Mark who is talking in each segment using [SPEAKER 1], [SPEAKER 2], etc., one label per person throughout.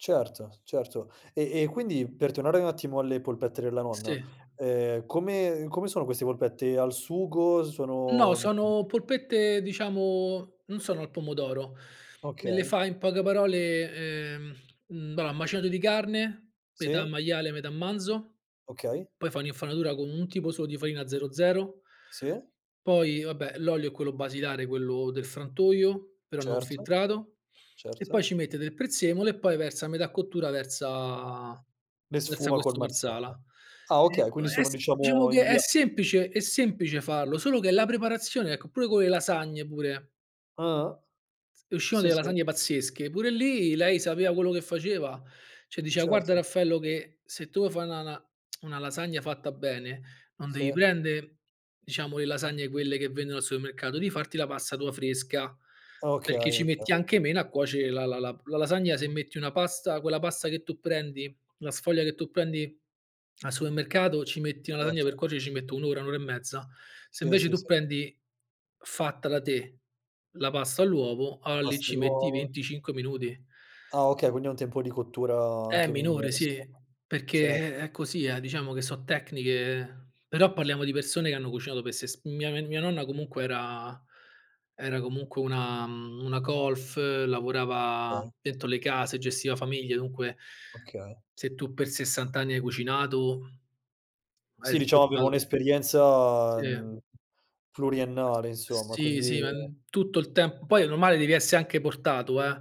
[SPEAKER 1] Certo, certo. E e quindi, per tornare un attimo alle polpette della nonna,
[SPEAKER 2] Sì.
[SPEAKER 1] ehm, come come sono queste polpette? Al sugo?
[SPEAKER 2] No,
[SPEAKER 1] Sono, mhmm
[SPEAKER 2] sono polpette, diciamo, non sono al pomodoro. Le le
[SPEAKER 1] Okay.
[SPEAKER 2] fa in poche parole ehm, mhmm, bah, macinato di carne metà
[SPEAKER 1] Sì.
[SPEAKER 2] maiale metà manzo,
[SPEAKER 1] Okay.
[SPEAKER 2] poi fa un'infarinatura con un tipo solo di farina 00.
[SPEAKER 1] Sì.
[SPEAKER 2] Poi vabbè, l'olio è quello basilare, quello del frantoio, però non
[SPEAKER 1] Certo,
[SPEAKER 2] filtrato, e poi
[SPEAKER 1] certo.
[SPEAKER 2] ci mette del prezzemolo e poi versa a metà cottura, versa
[SPEAKER 1] Le
[SPEAKER 2] versa
[SPEAKER 1] sfuma col
[SPEAKER 2] questo Marsala.
[SPEAKER 1] marsala. Ah,
[SPEAKER 2] Ehm,
[SPEAKER 1] okay.
[SPEAKER 2] può
[SPEAKER 1] Quindi sono,
[SPEAKER 2] es diciamo
[SPEAKER 1] diciamo
[SPEAKER 2] che
[SPEAKER 1] in
[SPEAKER 2] è
[SPEAKER 1] bia
[SPEAKER 2] semplice è semplice farlo, solo che è la preparazione, ecco, pure con le lasagne, pure.
[SPEAKER 1] Ah-ah.
[SPEAKER 2] Z uscivano
[SPEAKER 1] Sì,
[SPEAKER 2] delle
[SPEAKER 1] sì.
[SPEAKER 2] lasagne pazzesche, pure lì lei sapeva quello che faceva, cioè diceva: "Guarda,
[SPEAKER 1] Certo.
[SPEAKER 2] Raffaello, che se tu vuoi fa' na na una lasagna fatta bene non devi
[SPEAKER 1] Sì.
[SPEAKER 2] prende, diciamo, le lasagne quelle che vendono al supermercato, devi farti la pasta tua fresca,
[SPEAKER 1] Ah okay,
[SPEAKER 2] perché ci
[SPEAKER 1] okay.
[SPEAKER 2] metti anche meno a cuoce la la la p la lasagna, se metti una pasta quella pasta che tu prendi la sfoglia che tu prendi al supermercato, ci metti una lasagna, per
[SPEAKER 1] Certo.
[SPEAKER 2] cuocere, ci metto 1 ora, 1 ora e mezza. Se
[SPEAKER 1] Sì,
[SPEAKER 2] invece
[SPEAKER 1] sì,
[SPEAKER 2] tu
[SPEAKER 1] sì.
[SPEAKER 2] prendi fatta da te la pasta all'uovo,
[SPEAKER 1] La
[SPEAKER 2] alla lì
[SPEAKER 1] pasta
[SPEAKER 2] ci metti
[SPEAKER 1] all'uovo.
[SPEAKER 2] 25 minuti."
[SPEAKER 1] Ah, okay. Quindi ha un tempo di cottura
[SPEAKER 2] Eh,
[SPEAKER 1] anche
[SPEAKER 2] minore,
[SPEAKER 1] minore,
[SPEAKER 2] sì.
[SPEAKER 1] insomma,
[SPEAKER 2] Perché,
[SPEAKER 1] certo.
[SPEAKER 2] eh, è così, eh, diciamo che so' tecniche però parliamo di persone che hanno cucinato per ses mia n mia nonna comunque era era comunque una, mhmm, una colf, lavorava
[SPEAKER 1] Okay.
[SPEAKER 2] dentro le case, gestiva famiglie, dunque
[SPEAKER 1] Okay.
[SPEAKER 2] se tu per 60 anni hai cucinato, hai
[SPEAKER 1] Sì, diciamo aveva
[SPEAKER 2] sgobbato
[SPEAKER 1] un'esperienza,
[SPEAKER 2] Sì.
[SPEAKER 1] mhmm,
[SPEAKER 2] S uhm,
[SPEAKER 1] pluriennale, insomma.
[SPEAKER 2] sì,
[SPEAKER 1] Quindi
[SPEAKER 2] sì, ehm, tutto il temp poi è normale devi esse anche portato, eh.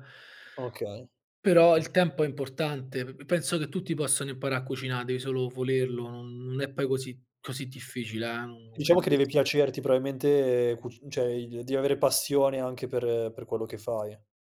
[SPEAKER 1] Okay,
[SPEAKER 2] Però
[SPEAKER 1] ok
[SPEAKER 2] il tempo è importante. P p penso che tutti possano imparà a cucina', devi solo volerlo, non non è poi così così difficile, eh. Non
[SPEAKER 1] Diciamo
[SPEAKER 2] credo
[SPEAKER 1] che
[SPEAKER 2] che
[SPEAKER 1] deve
[SPEAKER 2] sia
[SPEAKER 1] piacerti probabilmente cuc cioè, ehm, i devi avere passione anche per per quello che fai.